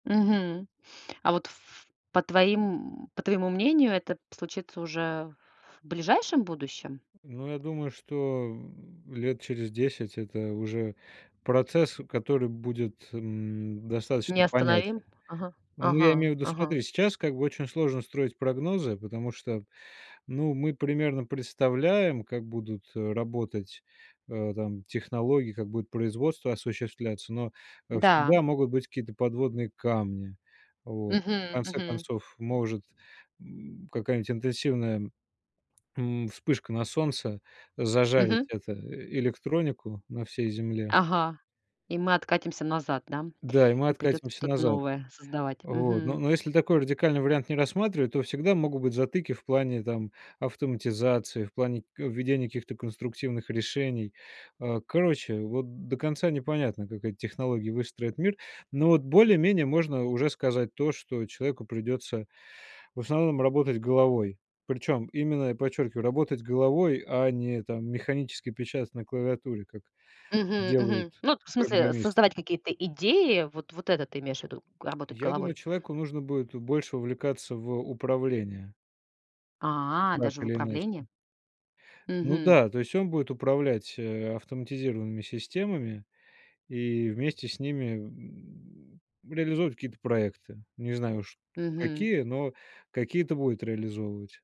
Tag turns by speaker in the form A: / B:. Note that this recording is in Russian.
A: Мгм. А вот ф по твоим по твоему мнению, это п случится уже в ближайшем будущем?
B: Ну, я думаю, что, м, лет через 10- это уже процесс, который будет, м, достаточно
A: Не
B: понятен.
A: остановим? Ага,
B: Ну, я
A: ага,
B: имею в виду,
A: ага.
B: смотри, сейчас как бы очень сложно строить прогнозы, потому что, ну, мы примерно представляем, как будут, э, работать, э, там, технологии, как будет производство осуществляться. Но, э,
A: Да.
B: всегда могут быть какие-то подводные камни. Вот, в
A: Мгм.
B: конце
A: Мгм.
B: концов, может, м, какая-нибудь интенсивная, м, вспышка на Солнце зажарить,
A: Мгм.
B: это, электронику на всей Земле.
A: Ага. И мы откатимся назад, да?
B: Да, и мы
A: И придётся
B: откатимся
A: что-то
B: назад.
A: новое создавать.
B: Вот, н
A: Мгм.
B: но если такой радикальный вариант не рассматривать, то всегда могут быть затыки в плане, там, автоматизации, в плане к введения каких-то конструктивных решений, а. Короче, вот до конца непонятно, как эти технологии выстроят мир. Но вот более-менее можно уже сказать то, что человеку придётся в основном работать головой. Причём именно, подчёркиваю, работать головой, а не там механически печатать на клавиатуре, как
A: Мгм, мгм.
B: делают
A: Ну, вот, в смысле,
B: программисты.
A: создавать какие-то идеи. Вот вот это ты имеешь ввиду, работать
B: Я думаю,
A: головой?
B: человеку нужно будет больше увлекаться в управление.
A: А,
B: Так
A: даже в
B: или иначе.
A: управлении?
B: Ну
A: Мгм.
B: да, то есть он будет управлять, э, автоматизированными системами, и вместе с ними, м, реализовывать какие-то проекты. Не знаю уж
A: Мгм.
B: какие, но какие-то будет реализовывать.